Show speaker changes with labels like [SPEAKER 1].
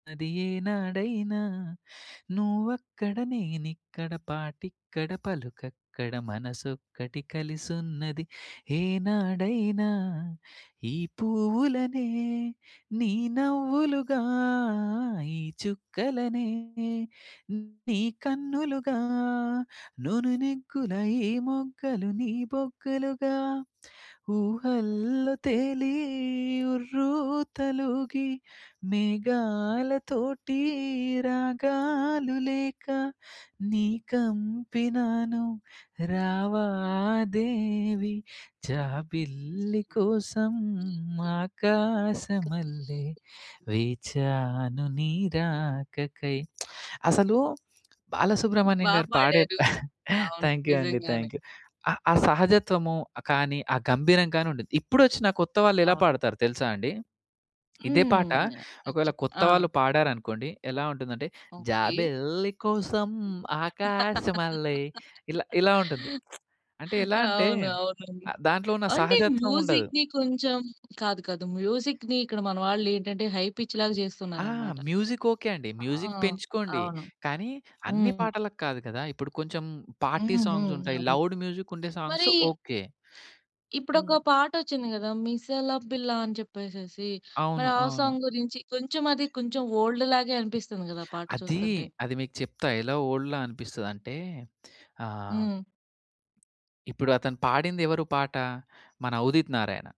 [SPEAKER 1] అది ఏనాడైనా నువ్వక్కడ నేనిక్కడ పాటిక్కడ పలుకక్కడ మనసొక్కటి కలిసున్నది ఏనాడైనా ఈ పువ్వులనే నీ నవ్వులుగా ఈ చుక్కలనే నీ కన్నులుగా నునునెగ్గుల ఈ మొగ్గలు నీ బొగ్గలుగా ఊహల్లో తేలి ఉర్రుతలూగి మేఘాలతోటి రాగాలు లేక నీ కంపినాను రావా దేవి జాబిల్లి కోసం ఆకాశమల్లె వేచాను నీ రాకకై. అసలు బాలసుబ్రహ్మణ్యం
[SPEAKER 2] బా
[SPEAKER 1] గారు పాడే
[SPEAKER 2] పాడారు. అవును.
[SPEAKER 1] థ్యాంక్ యూ అండి
[SPEAKER 2] నిజంగానే.
[SPEAKER 1] Thank you. ఆ! ఆ సహజత్వము కానీ ఆ గంభీరం గానుంటది. ఇపుడొచ్చిన కొత్త వాళ్లేలా
[SPEAKER 2] అవును.
[SPEAKER 1] పాడతారో తెలుసా అండి! ఇదే పాట
[SPEAKER 2] హ్మ్. అది
[SPEAKER 1] ఒకవేళ
[SPEAKER 2] చెప్తా ఆ!
[SPEAKER 1] కొత్తవాళ్ళు పాడారనుకోండి ఎలా ఉంటుందంటే
[SPEAKER 2] ఓకే.
[SPEAKER 1] జాబెల్లి కోసం ఆకాశమల్లె ఇలా ఇలా ఉంటుంది. అంటే ఎలాంటే
[SPEAKER 2] అవును. అవును.
[SPEAKER 1] దాంట్లో ఉన్న
[SPEAKER 2] అంటే
[SPEAKER 1] సహజత్వముండదు.
[SPEAKER 2] మ్యూజిక్‌ని కొంచెం కాదు కాదు, మ్యూజిక్‌ని ఇక్కడ మన వాళ్లేంటంటే హై పిచ్‌లాగా
[SPEAKER 1] ఆ!
[SPEAKER 2] జేస్తున్నారన్నమాట.
[SPEAKER 1] మ్యూజిక్ ఓకే అండి.
[SPEAKER 2] ఆ!
[SPEAKER 1] మ్యూజిక్ పెంచుకోండి.
[SPEAKER 2] అవును.
[SPEAKER 1] కానీ అన్ని
[SPEAKER 2] హ్మ్.
[SPEAKER 1] పాటలకి కాదు కదా! ఇప్పుడు కొంచెం పార్టీ
[SPEAKER 2] హుహుహు.
[SPEAKER 1] సాంగ్సుంటాయి,
[SPEAKER 2] అవును.
[SPEAKER 1] లౌడ్ మ్యూజిక్ ఉండే సాంగ్స్
[SPEAKER 2] మరీ
[SPEAKER 1] ఓకే. హ్మ్.
[SPEAKER 2] ఇప్పుడొక పాట ఒచ్చింది గదా! 'మిసాల పిల్ల' అని చెప్పేసేసి
[SPEAKER 1] అవును.
[SPEAKER 2] మరి ఆ
[SPEAKER 1] అవును.
[SPEAKER 2] సాంగ్ గురించి కొంచెం అది కొంచెం ఓల్డ్‌లాగే అనిపిస్తుంది గదా! పాట
[SPEAKER 1] అదీ,
[SPEAKER 2] చూస్తుంటే.
[SPEAKER 1] అది మీకు చెప్తా ఎలా ఓల్డ్‌ల అనిపిస్తదంటే, ఆహ్,
[SPEAKER 2] హ్మ్.
[SPEAKER 1] ఇప్పుడతను పాడిందెవరు పాట? మన 'ఉదిత్ నారాయణ'